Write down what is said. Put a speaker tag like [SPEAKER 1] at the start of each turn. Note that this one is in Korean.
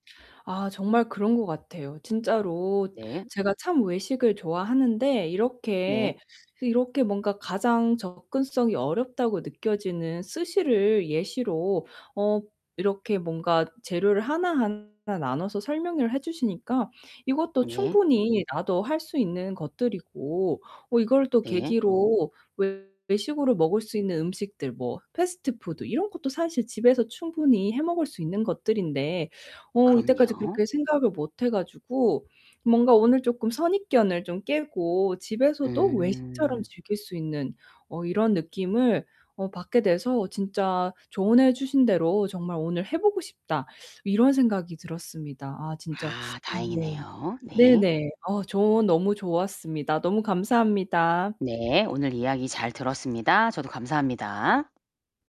[SPEAKER 1] 아 정말 그런 것 같아요. 진짜로
[SPEAKER 2] 네.
[SPEAKER 1] 제가 참 외식을 좋아하는데
[SPEAKER 2] 네.
[SPEAKER 1] 이렇게, 이렇게 뭔가 가장 접근성이 어렵다고 느껴지는 스시를 예시로 어 이렇게 뭔가 재료를 하나하나 나눠서 설명을 해 주시니까 이것도
[SPEAKER 2] 네.
[SPEAKER 1] 충분히 나도 할 수 있는 것들이고 어 이걸 또
[SPEAKER 2] 네.
[SPEAKER 1] 계기로 외 외식으로 먹을 수 있는 음식들 뭐 패스트푸드 이런 것도 사실 집에서 충분히 해 먹을 수 있는 것들인데 어 이때까지
[SPEAKER 2] 그럼요.
[SPEAKER 1] 그렇게 생각을 못 해 가지고 뭔가 오늘 쪼끔 선입견을 좀 깨고 집에서도 외식처럼
[SPEAKER 2] 음.
[SPEAKER 1] 즐길 수 있는 어 이런 느낌을 어 받게 돼서 진짜 조언해 주신 대로 정말 오늘 '해 보고 싶다.' 이런 생각이 들었습니다. 아 진짜
[SPEAKER 2] 아
[SPEAKER 1] 네.
[SPEAKER 2] 다행이네요.
[SPEAKER 1] 네
[SPEAKER 2] 네.
[SPEAKER 1] 네. 어 저 너무 좋았습니다. 너무 감사합니다.
[SPEAKER 2] 네. 오늘 이야기 잘 들었습니다. 저도 감사합니다.